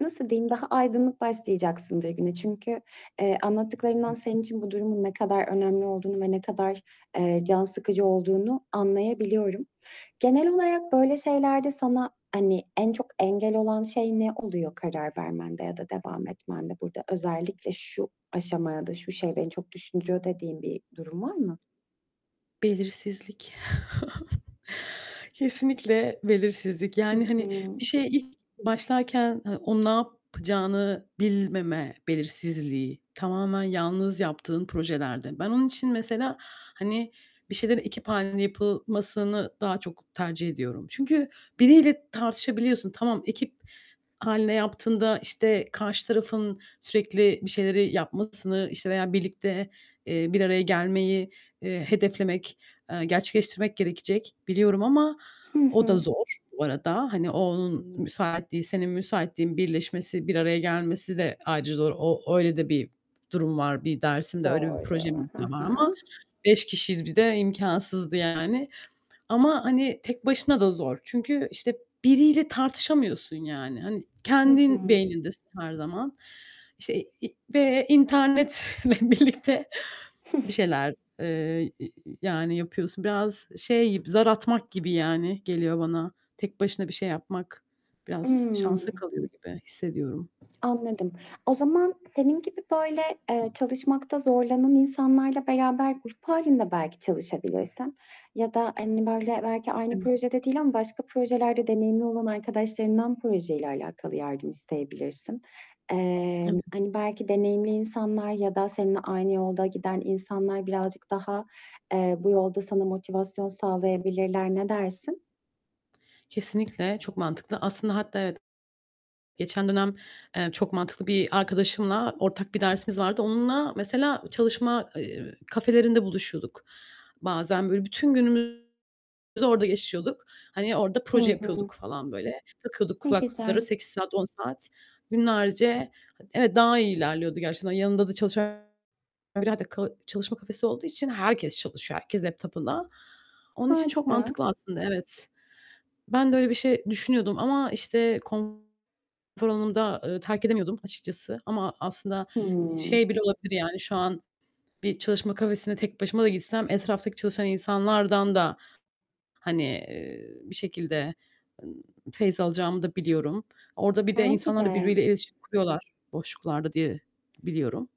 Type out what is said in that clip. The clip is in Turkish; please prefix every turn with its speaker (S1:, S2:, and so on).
S1: Nasıl diyeyim, daha aydınlık başlayacaksındır güne çünkü, eee, anlattıklarından
S2: Hı
S1: senin için bu durumun ne kadar önemli olduğunu ve ne kadar, eee, can sıkıcı olduğunu anlayabiliyorum. Genel olarak böyle şeylerde sana, hani, en çok engel olan şey ne oluyor karar vermende ya da devam etmende burada? Özellikle "Şu aşamada, şu şey beni çok düşündürüyor." dediğin bir durum var mı?
S2: Belirsizlik. Kesinlikle belirsizlik,
S1: Hı
S2: yani,
S1: hı.
S2: hani, bir şeye ilk başlarken, ha o ne yapacağını bilmeme belirsizliği, tamamen yalnız yaptığın projelerde. Ben onun için, mesela, hani, bir şeylerin ekip hâlinde yapılmasını daha çok tercih ediyorum. Çünkü biriyle tartışabiliyorsun. Tamam ekip hâlinde yaptığında, işte, karşı tarafın sürekli bir şeyleri yapmasını, işte, veya birlikte, eee, bir araya gelmeyi, eee, hedeflemek, eee, gerçekleştirmek gerekecek biliyorum ama,
S1: Hı
S2: o da
S1: hı.
S2: zor, bu arada, hani, o onun müsaitliği, senin müsaitliğin birleşmesi, bir araya gelmesi de ayrıca zor. O öyle de bir durum var, bir dersimde, öyle bir
S1: Doğru.
S2: projemiz
S1: Hı
S2: de var ama,
S1: hı.
S2: 5 kişiyiz bir de imkânsızdı yani; ama, hani, tek başına da zor. Çünkü, işte, biriyle tartışamıyorsun, yani. Hani,
S1: Hı
S2: kendin
S1: hı.
S2: beynindesin her zaman. İşte, i ve internetle birlikte
S1: Hıh.
S2: bir şeyler, eee, i yani, yapıyorsun. Biraz şey gibi, zar atmak gibi, yani, geliyor bana. Tek başına bir şey yapmak biraz şansa
S1: Imm.
S2: kalıyor gibi hissediyorum.
S1: Anladım. O zaman senin gibi böyle, eee, çalışmakta zorlanan insanlarla beraber grup hâlinde belki çalışabilirsin. Ya da, hani, böyle belki aynı
S2: [unintelligible]
S1: projede değil ama başka projelerde deneyimli olan arkadaşlarından projeyle alâkalı yardım isteyebilirsin. Emm,
S2: Evet.
S1: hani, belki deneyimli insanlar ya da seninle aynı yolda giden insanlar birazcık daha, eee, bu yolda sana motivasyon sağlayabilirler, ne dersin?
S2: Kesinlikle, çok mantıklı. Aslında hatta evet geçen dönem, eee, çok mantıklı bir arkadaşımla ortak bir dersimiz vardı. Onunla, mesela, çalışma, eee, kafelerinde buluşuyorduk. Bazen böyle bütün günümüzü orada geçiyorduk. Hani, orada
S1: Hı
S2: proje
S1: hı.
S2: yapıyorduk falan böyle. Takıyorduk
S1: Ne
S2: kulaklıkları
S1: güzel.
S2: 8 saat, 10 saat günlerce Evet, daha iyi ilerliyordu gerçekten. Yanında da [unintelligible] çalışma kafesi olduğu için herkes çalışıyor, herkes laptop'ında. Onun için çok
S1: Harika.
S2: mantıklı aslında, evet. Ben de öyle bir şey düşünüyordum ama, işte, konfor alanımı da, ııı, terk edemiyordum açıkçası ama aslında s
S1: Hımm.
S2: şey bile olabilir, yani, şu an bir çalışma kafesine tek başıma da gitsem etraftaki çalışan insanlardan da, hani, eee, bir şekilde, ımm, feyz alacağımı da biliyorum. Orada bir de
S1: Belki
S2: insanlar da,
S1: de.
S2: birbirleriyle iletişim kuruyorlar boşluklarda diye biliyorum.